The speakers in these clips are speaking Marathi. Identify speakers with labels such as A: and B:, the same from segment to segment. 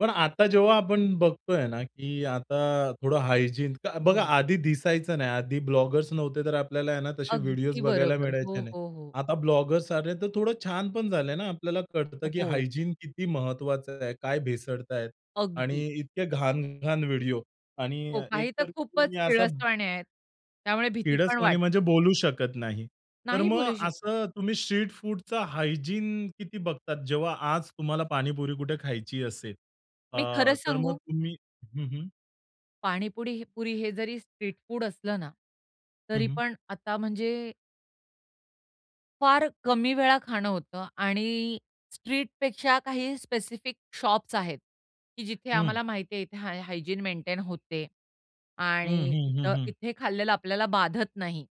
A: पण आता जेव्हा आपण बघतोय ना, की आता थोडं हायजीन तर बघा
B: हो.
A: आधी दिसायचं नाही. आधी ब्लॉगर्स नव्हते, तर आपल्याला आहे ना, तसे व्हिडिओज
B: अगदी
A: बघायला
B: बरोबर.
A: मिळायचे
B: हो,
A: नाही.
B: हो, हो.
A: आता ब्लॉगर्स आले, तर थोडं छान पण झाले ना, आपल्याला
B: अ,
A: कळतं की
B: हो.
A: हायजीन किती महत्वाचं आहे. काय भेसळतायेत आणि
B: अगदी.
A: इतके घाण-घाण व्हिडिओ आणि
B: हो,
A: एक
B: काही तर
A: तर मी
B: खूपच
A: असा
B: कीळसवाणी आहेत. त्यामुळे भीती पण
A: कीळसवाणी म्हणजे
B: वाटते.
A: बोलू शकत नाही. तर
B: नाही
A: मग
B: बोलू शकत.
A: असं तुम्ही स्ट्रीट फूडचा हायजीन किती बघतात, जेव्हा आज तुम्हाला पाणीपुरी कुठे खायची असेल अ,
B: मी खरं
A: तर मग
B: सांगू?
A: तुम्ही हं, हं.
B: पाणीपुडी ही पुरी हे जरी स्ट्रीट फूड असलं ना.
A: हं,
B: तरी
A: हं.
B: पण आता म्हणजे फार कमी वेळा खाणं होतं आणि स्ट्रीटपेक्षा काही स्पेसिफिक शॉप्स आहेत की जिथे
A: हं.
B: आम्हाला माहितीये इथे हाय हायजीन मेंटेन होते
A: हं,
B: आणि
A: हं,
B: इथ
A: हं, हं.
B: इथे खाल्लेलं आपल्याला बाधत नाही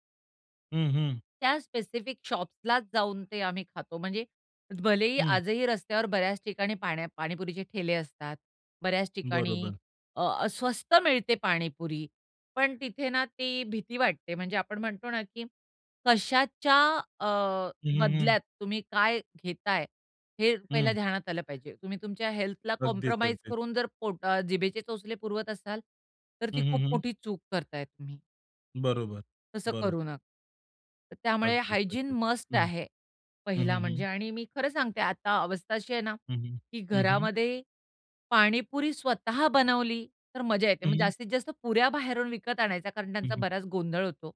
A: हं, हं.
B: त्या स्पेसिफिक शॉप्सलाच जाऊन ते आम्ही खातो. म्हणजे भले ही
A: हं.
B: आजही रस्त्यावर बऱ्याच ठिकाणी पाण्या पाणीपुरीचे ठेले असतात, बऱ्याच ठिकाणी
A: बरोबर.
B: अ, अ, स्वस्त मिळते पाणीपुरी, पण तिथे ना, ती भीती वाटते. म्हणजे आपण म्हणतो ना, की कशाच्या अ,
A: हं, हं, हं.
B: बदल्यात तुम्ही काय घेताय, हे पहिला
A: हं.
B: ध्यानात आलं पाहिजे. तुम्ही तुमच्या हेल्थला
A: अगदीच.
B: कॉम्प्रोमाईज
A: अगदीच.
B: करून जर पोट अ, ...जिभेचे चोचले पुरवत असाल, तर
A: हं,
B: ती
A: हं,
B: खूप
A: हं.
B: मोठी चूक करताय तुम्ही.
A: बरोबर.
B: तसं
A: बरोबर.
B: करू नका. त्यामुळे
A: अगदीच.
B: हायजीन
A: अगदीच.
B: मस्ट
A: हं,
B: आहे
A: हं,
B: पहिला
A: हं, हं,
B: म्हणजे
A: हं.
B: आणि मी खरं सांगते आता अवस्था अशी आहे ना,
A: हं, हं,
B: की
A: हं, हं.
B: घरामध्ये पाणीपुरी स्वतः बनवली, तर मज्जा येते. मग
A: हं.
B: जास्तीत जास्त पुऱ्या बाहेरून विकत आणायचा कारण
A: हं,
B: त्यांचा
A: हं.
B: बराच गोंधळ होतो.